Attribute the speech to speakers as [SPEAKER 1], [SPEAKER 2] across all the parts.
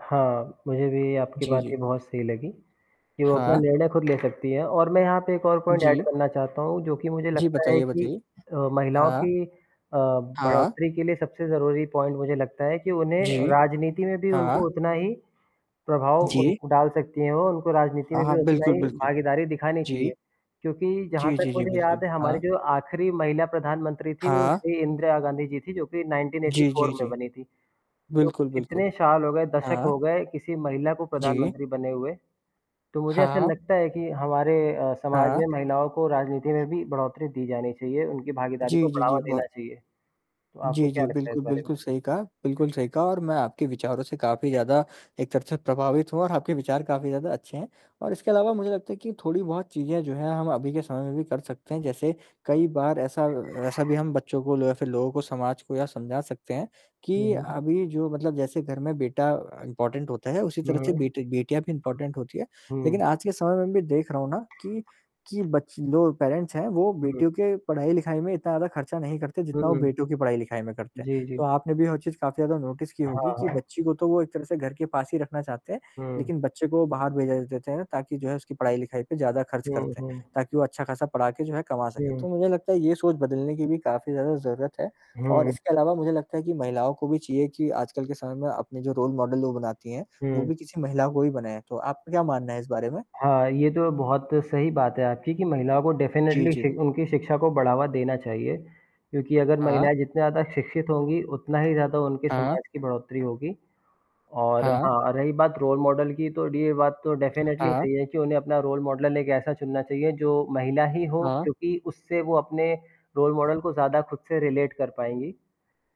[SPEAKER 1] हाँ, मुझे भी आपकी
[SPEAKER 2] जी,
[SPEAKER 1] बात
[SPEAKER 2] जी।
[SPEAKER 1] ये बहुत सही लगी, कि वो अपना
[SPEAKER 2] हाँ।
[SPEAKER 1] निर्णय खुद ले सकती हैं और मैं यहाँ पे एक और पॉइंट एड
[SPEAKER 2] जी।
[SPEAKER 1] करना चाहता हूँ, जो कि मुझे
[SPEAKER 2] जी,
[SPEAKER 1] लगता है
[SPEAKER 2] बताइए,
[SPEAKER 1] कि
[SPEAKER 2] बताइए।
[SPEAKER 1] अ, महिलाओं
[SPEAKER 2] हाँ।
[SPEAKER 1] की अ,
[SPEAKER 2] हाँ।
[SPEAKER 1] बढ़ोत्तरी के लिए सबसे ज़रूरी पॉइंट मुझे लगता है कि उन्हें
[SPEAKER 2] जी।
[SPEAKER 1] राजनीति में भी
[SPEAKER 2] हाँ।
[SPEAKER 1] उनको उतना ही प्रभाव
[SPEAKER 2] जी।
[SPEAKER 1] उनको डाल सकती हैं वो, उनको राजनीति
[SPEAKER 2] हाँ,
[SPEAKER 1] में भी
[SPEAKER 2] हाँ।
[SPEAKER 1] उतना
[SPEAKER 2] बिल्कुल,
[SPEAKER 1] ही
[SPEAKER 2] बिल्कुल।
[SPEAKER 1] भागीदारी दिखानी चाहिए।
[SPEAKER 2] जी।
[SPEAKER 1] क्योंकि जहाँ
[SPEAKER 2] जी,
[SPEAKER 1] तक
[SPEAKER 2] जी, जी,
[SPEAKER 1] मुझे याद
[SPEAKER 2] बिल्कुल।
[SPEAKER 1] है, हमारी
[SPEAKER 2] हाँ।
[SPEAKER 1] जो आख़िरी महिला प्रधानमंत्री थी, वो
[SPEAKER 2] हाँ।
[SPEAKER 1] श्री इंदिरा गांधी जी थी, जो कि नाइनटीन एटी
[SPEAKER 2] जी,
[SPEAKER 1] फ़ोर
[SPEAKER 2] जी,
[SPEAKER 1] में
[SPEAKER 2] जी।
[SPEAKER 1] बनी थी। तो
[SPEAKER 2] बिल्कुल, बिल्कुल।
[SPEAKER 1] कितने साल हो गए, दशक
[SPEAKER 2] हाँ।
[SPEAKER 1] हो गए किसी महिला को
[SPEAKER 2] जी।
[SPEAKER 1] प्रधानमंत्री बने हुए, तो मुझे ऐसा
[SPEAKER 2] हाँ।
[SPEAKER 1] लगता है कि हमारे अ, समाज
[SPEAKER 2] हाँ।
[SPEAKER 1] में महिलाओं को राजनीति में भी बढ़ोत्तरी दी जानी चाहिए, उनकी भागीदारी
[SPEAKER 2] जी,
[SPEAKER 1] को
[SPEAKER 2] जी, जी,
[SPEAKER 1] बढ़ावा
[SPEAKER 2] ब
[SPEAKER 1] देना चाहिए। तो आपको
[SPEAKER 2] जी, जी।
[SPEAKER 1] क्या लगता है इस
[SPEAKER 2] बिल्कुल,
[SPEAKER 1] बारे में?
[SPEAKER 2] बिल्कुल सही कहा बिल्कुल सही कहा, और मैं आपके विचारों से काफ़ी ज़्यादा एक तरह से प्रभावित हूँ और आपके विचार काफ़ी ज़्यादा अच्छे हैं और इसके अलावा मुझे लगता है कि थोड़ी-बहुत चीज़ें जो हैं, हम अभी के समय में भी कर सकते हैं, जैसे कई बार ऐसा अ, ऐसा भी हम बच्चों को लो या फिर लोगों को, समाज को, या समझा सकते हैं
[SPEAKER 1] हुँ,
[SPEAKER 2] कि
[SPEAKER 1] हुँ।
[SPEAKER 2] अभी जो मतलब जैसे घर में बेटा इम्पोर्टेंट होता है, उसी
[SPEAKER 1] हुँ,
[SPEAKER 2] तरह से
[SPEAKER 1] हुँ।
[SPEAKER 2] बेटी बेटियाँ भी इम्पोर्टेंट होती हैं। लेकिन
[SPEAKER 1] हुँ।
[SPEAKER 2] आज के समय में भी देख रहा हूँ ना, कि कि बच्चे लो पैरेंट्स हैं, वो
[SPEAKER 1] हुँ।
[SPEAKER 2] बेटियों के पढ़ाई-लिखाई में इतना ज़्यादा ख़र्चा नहीं करते,
[SPEAKER 1] हुँ,
[SPEAKER 2] जितना वो
[SPEAKER 1] हुँ।
[SPEAKER 2] बेटों की पढ़ाई-लिखाई में करते हैं।
[SPEAKER 1] जी,
[SPEAKER 2] तो
[SPEAKER 1] जी।
[SPEAKER 2] आपने भी हो चीज काफ़ी ज़्यादा नोटिस की होगी
[SPEAKER 1] हाँ,
[SPEAKER 2] कि
[SPEAKER 1] हाँ।
[SPEAKER 2] बच्ची को तो वो एक तरह से घर के पास ही रखना चाहते हैं,
[SPEAKER 1] हुँ।
[SPEAKER 2] लेकिन बच्चे को वो बाहर भेजा दे देते हैं, ताकि जो है उसकी पढ़ाई-लिखाई पे ज़्यादा ख़र्च
[SPEAKER 1] हुँ,
[SPEAKER 2] करते हैं,
[SPEAKER 1] हुँ।
[SPEAKER 2] ताकि वो अच्छा-खासा पढ़ा के जो है कमा सकें। तो
[SPEAKER 1] हुँ।
[SPEAKER 2] मुझे लगता है ये सोच बदलने की भी काफ़ी ज़्यादा ज़रूरत है और
[SPEAKER 1] हुँ।
[SPEAKER 2] इसके अलावा मुझे लगता है कि महिलाओं को भी चाहिए कि आजकल के समय में अपने जो रोल मॉडल लोग बनाती हैं, वो
[SPEAKER 1] हुँ।
[SPEAKER 2] भी किसी महिला को ही बनाए, तो आप क्या मानना है इस बारे में?
[SPEAKER 1] हाँ, ये तो बहुत सही बात है आपकी कि महिला को
[SPEAKER 2] जी,
[SPEAKER 1] डेफ़िनेटली
[SPEAKER 2] जी।
[SPEAKER 1] शिक उनकी शिक्षा को बढ़ावा देना चाहिए, क्योंकि अगर
[SPEAKER 2] हाँ।
[SPEAKER 1] महिलाएँ जितने ज़्यादा शिक्षित होंगी, उतना ही ज़्यादा उनके
[SPEAKER 2] हाँ।
[SPEAKER 1] समाज की बढ़ोत्तरी होगी। और
[SPEAKER 2] हाँ।
[SPEAKER 1] हाँ, रही बात रोल मॉडल की, तो डी ये बात तो डेफ़िनेटली
[SPEAKER 2] हाँ।
[SPEAKER 1] सही है कि उन्हें अपना रोल मॉडल ना, एक ऐसा चुनना चाहिए जो महिला ही हो,
[SPEAKER 2] हाँ।
[SPEAKER 1] क्योंकि उससे वो अपने रोल मॉडल को ज़्यादा खुद से रिलेट कर पाएँगी।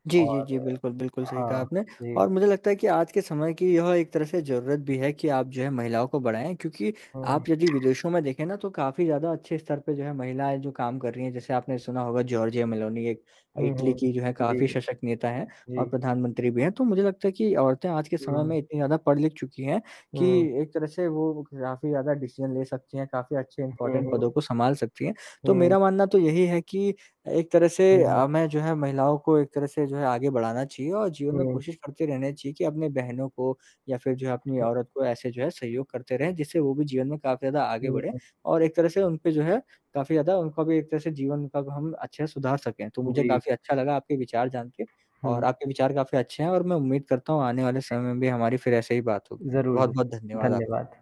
[SPEAKER 2] जी, जी,
[SPEAKER 1] और
[SPEAKER 2] जी, बिल्कुल, बिल्कुल सही कहा
[SPEAKER 1] हाँ।
[SPEAKER 2] आपने
[SPEAKER 1] जी।
[SPEAKER 2] और मुझे लगता है कि आज के समय की यह एक तरह से ज़रूरत भी है कि आप जो है महिलाओं को बढ़ाएँ, क्योंकि
[SPEAKER 1] हुँ।
[SPEAKER 2] आप यदि विदेशों में देखें ना, तो काफ़ी ज़्यादा अच्छे स्तर पे जो है महिलाएँ जो काम कर रही हैं। जैसे आपने सुना होगा जॉर्जिया मेलोनी, एक अ,
[SPEAKER 1] हुँ,
[SPEAKER 2] इटली
[SPEAKER 1] हुँ।
[SPEAKER 2] जो है
[SPEAKER 1] जी,
[SPEAKER 2] काफ़ी सशक्त नेता हैं और
[SPEAKER 1] जी।
[SPEAKER 2] प्रधानमंत्री भी हैं, तो मुझे लगता है कि औरतें आज के समय में
[SPEAKER 1] हुँ।
[SPEAKER 2] इतनी ज़्यादा पढ़ ली चुकी हैं, कि
[SPEAKER 1] हुँ।
[SPEAKER 2] एक तरह से वो काफ़ी ज़्यादा डिसीज़न ले सकती हैं, काफ़ी अच्छे
[SPEAKER 1] हुँ,
[SPEAKER 2] इम्पोर्टेंट पदों
[SPEAKER 1] हुँ।
[SPEAKER 2] को सँभाल सकती हैं। तो
[SPEAKER 1] हुँ।
[SPEAKER 2] मेरा मानना तो यही है कि अ, एक तरह से
[SPEAKER 1] हुँ, हुँ।
[SPEAKER 2] अ, मैं जो है महिलाओं को एक तरह से जो है आगे बढ़ाना चाहिए और जीवन में
[SPEAKER 1] हुँ।
[SPEAKER 2] कोशिश करते रहना चाहिए कि अपने बहनों को या फिर जो है, अपनी
[SPEAKER 1] हुँ।
[SPEAKER 2] औरत को ऐसे जो है सहयोग करते रहें, जिससे वो भी जीवन में काफ़ी ज़्यादा आगे बढ़े
[SPEAKER 1] हुँ।
[SPEAKER 2] और एक तरह से उन पे जो है काफ़ी ज़्यादा उनका भी एक तरह से जीवन कब हम अच्छे से सुधार सकें। तो मुझे
[SPEAKER 1] जी।
[SPEAKER 2] काफ़ी अच्छा लगा आपके विचार जान के और
[SPEAKER 1] हुँ।
[SPEAKER 2] आपके विचार काफ़ी अच्छे हैं और मैं उम्मीद करता हूँ आने वाले
[SPEAKER 1] जी।
[SPEAKER 2] समय में भी हमारी फिर ऐसे ही बात होगी,
[SPEAKER 1] ज़रूर, ज़रूर।
[SPEAKER 2] बहुत-बहुत धन्यवाद आपका।
[SPEAKER 1] धन्यवाद।